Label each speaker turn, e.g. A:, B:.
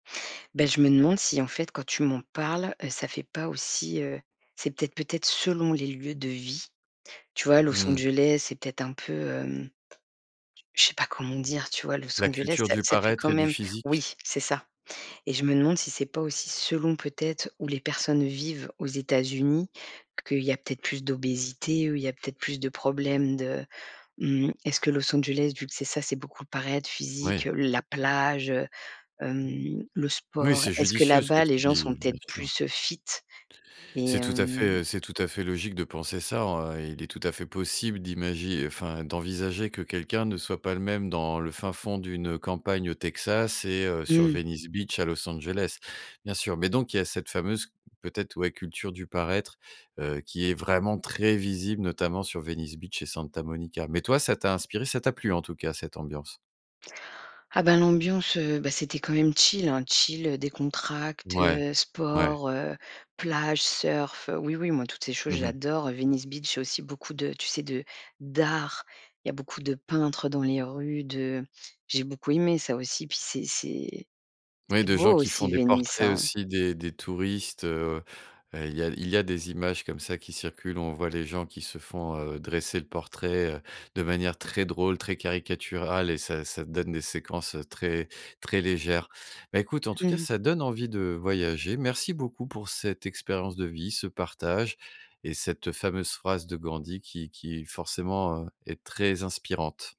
A: Beh, je me demande si, en fait, quand tu m'en parles, heu, ça fait pas aussi, heu, c'est peut-être peut-être selon les lieux de vie, tu vois, Los
B: Mmh mh.
A: Angeles, c'est peut-être un peu, hem, j je sais pas comment dire, tu vois? Los
B: La
A: Angeles,
B: culture
A: ça
B: du
A: ça fait
B: paraître
A: quand
B: et du
A: même
B: physique?
A: oui, c'est ça et je me demande si c'est pas aussi selon peut être où les personnes vivent aux États-Unis, qu'il y a peut être plus d'obésité, heu, il y a peut être plus de problèmes de mmh mh, est ce que Los Angeles, vu que c'est ça, c'est beaucoup paraître, physique,
B: Ouais.
A: heu, la plage, heu, hem, le
B: Oui,
A: sport.
B: c'est
A: Est ce que, là
B: judicieux ce que
A: bas, les
B: tu
A: gens sont
B: dis,
A: peut
B: bien
A: être
B: sûr.
A: plus, heu, fit et
B: C'est tout à fait,
A: hem?
B: heu, c'est tout à fait logique de penser ça, hein et il est tout à fait possible d'imagi enfin, d'envisager que quelqu'un ne soit pas le même dans le fin fond d'une campagne au Texas et heu, sur
A: Mmh mh.
B: Venice Beach à Los Angeles, bien sûr, mais donc, il y a cette fameuse, peut-être, ouais, culture du paraître, heu, qui est vraiment très visible, notamment sur Venice Beach et Santa Monica, mais toi, ça t'a inspiré, ça t'a plu, en tout cas, cette ambiance?
A: Ah bah, l'ambiance, heu, beh, c'était quand même chill, hein, chill, heu, décontracté,
B: Ouais,
A: heu,
B: ouais.
A: sport, heu, plage, surf. Oui, oui, moi, toutes ces choses,
B: Mmh mh.
A: j'adore, heu, Venice Beach, il y a aussi beaucoup de, tu sais, de d'art. Il y a beaucoup de peintres dans les rues de j'ai beaucoup aimé ça aussi, puis c'est c'est
B: Oui,
A: c'est
B: de gens
A: beau
B: qui font
A: aussi,
B: des
A: Venice,
B: portraits
A: hein?
B: aussi des des touristes, heu heu, il y a il y a des images comme ça qui circulent. On voit les gens qui se font, heu, dresser le portrait, heu, de manière très drôle, très caricaturale et ça ça donne des séquences très, très légères. Bah, écoute, en tout
A: Mmh
B: cas,
A: mh.
B: ça donne envie de voyager. Merci beaucoup pour cette expérience de vie, ce partage et cette, heu, fameuse phrase de Gandhi qui qui forcément, heu, est très inspirante!